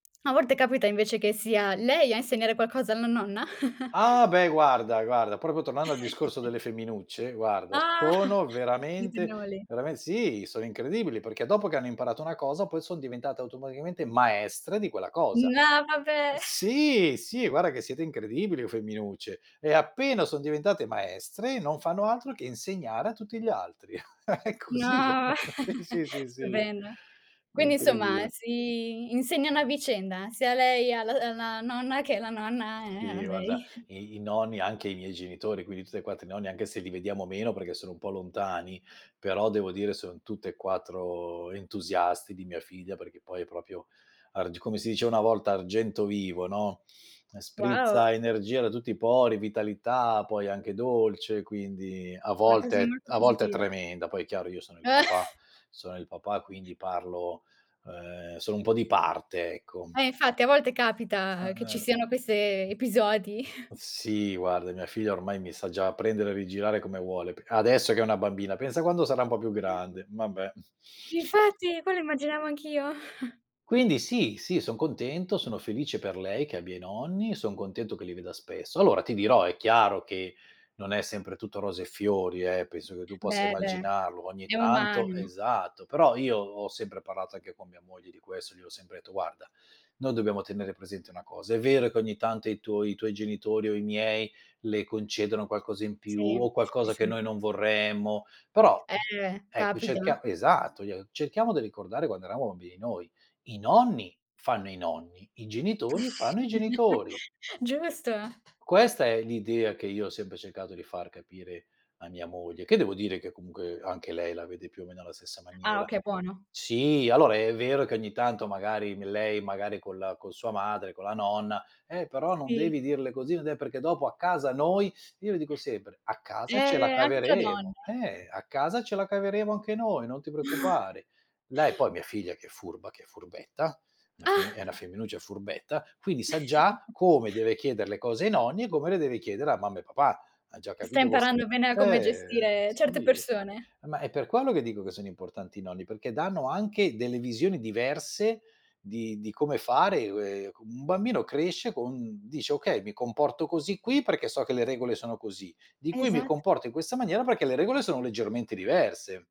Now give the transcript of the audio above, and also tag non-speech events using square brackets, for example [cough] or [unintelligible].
A volte capita invece che sia lei a insegnare qualcosa alla nonna? [chuckles] Ah, beh, guarda, guarda proprio tornando al discorso [chuckles] delle femminucce, guarda Ah. sono Gli veramente, usignoli. verame sì, sono incredibili perché dopo che hanno imparato una cosa, poi son diventate automaticamente maestre di quella cosa. No, Eh, vabbè. [chuckles] sì, sì, guarda che siete incredibili, oh, femminucce. E appena son diventate maestre, non fanno altro che insegnare a tutti gli altri. [chuckles] È così, No, [chuckles] sì, sì, [chuckles] sì, sì. stupenda. È Quindi, insomma, incredibile. si insegnano a vicenda, sia lei al alla nonna, che la nonna, ehm, a Sì, guarda, lei. [chuckles] i i nonni anche i miei genitori, quindi tutti e 4 i nonni, anche se li vediamo meno, perché sono un po' lontani, però devo dire sono tutt'e 4 entusiasti di mia figlia, perché poi è proprio arg come si dice una volta, argento vivo, no; ehm, Wow. sprizza energia da tutti i pori, vitalità, poi anche dolce, quindi a Una cosa volte molto a volte è positiva. tremenda. Poi è chiaro, io sono il papà [chuckles] sono il papà, quindi parlo uhm, sono un po' di parte, ecco. Eh, infatti a volte capita che ci Ah-ah. siano queste episodi. [chuckles] Sì, guarda mia figlia ormai mi sa già prendere e rigirare come vuole, p adesso che è una bambina, pensa quando sarà un po' più [unintelligible] grande, vabbè. Infatti, quello immaginavo anch'io. [chuckles] Quindi sì, sì, son contento, sono felice per lei che abbia i nonni, son contento che li veda spesso. Allora ti dirò, è chiaro che non è sempre tutto rose e fiori, eh, penso che tu possa Beh, beh, immaginarlo, ogni è tanto umano. esatto, però io ho sempre parlato anche con mia moglie di questo. Gli ho sempre detto: "Guarda, noi dobbiamo tenere presente una cosa: è vero che ogni tanto i tuoi i tuoi genitori o i miei le concedono qualcosa in più Sì, o sì, qualcosa che sì. noi non vorremmo, però Eh, ecco, capita. cerchia" esatto, gli ho "cerchiamo di ricordare quando eravamo bambini noi: i nonni fanno i nonni, i genitori fanno i [chuckles] genitori." Giusto. Questa è l'idea che io ho sempre cercato di far capire a mia moglie, che devo dire che, comunque, anche lei la vede più o meno alla stessa Ah, maniera. okay, buono. Sì, allora è vero che ogni tanto magari m lei magari con la con sua madre, con la nonna: "Eh, però non Sì. devi dirle così, non è perché dopo a casa noi" io le dico sempre: "A casa ce la Eh, anche tra donne. caveremo. Eh, a casa ce la caveremo anche noi, non ti [chuckles] preoccupare." Lei poi, mia figlia che è furba, che è furbetta, è una femmi è una [chuckles] femminuccia, è furbetta, quindi sa già [chuckles] come deve chieder le cose ai nonni e come le deve chiedere a mamma e papà. Ha già Che sta capito queste imparando bene a come eh, eh, gestire certe sì. persone. Ma è per quello che dico che sono importanti i nonni, perché danno anche delle visioni diverse di di come fare, [unintelligible] con un bambino cresce con dice: "Okay, mi comporto così qui perché so che le regole sono così, di qui mi Esat comporto in questa maniera perché le regole sono leggermente diverse."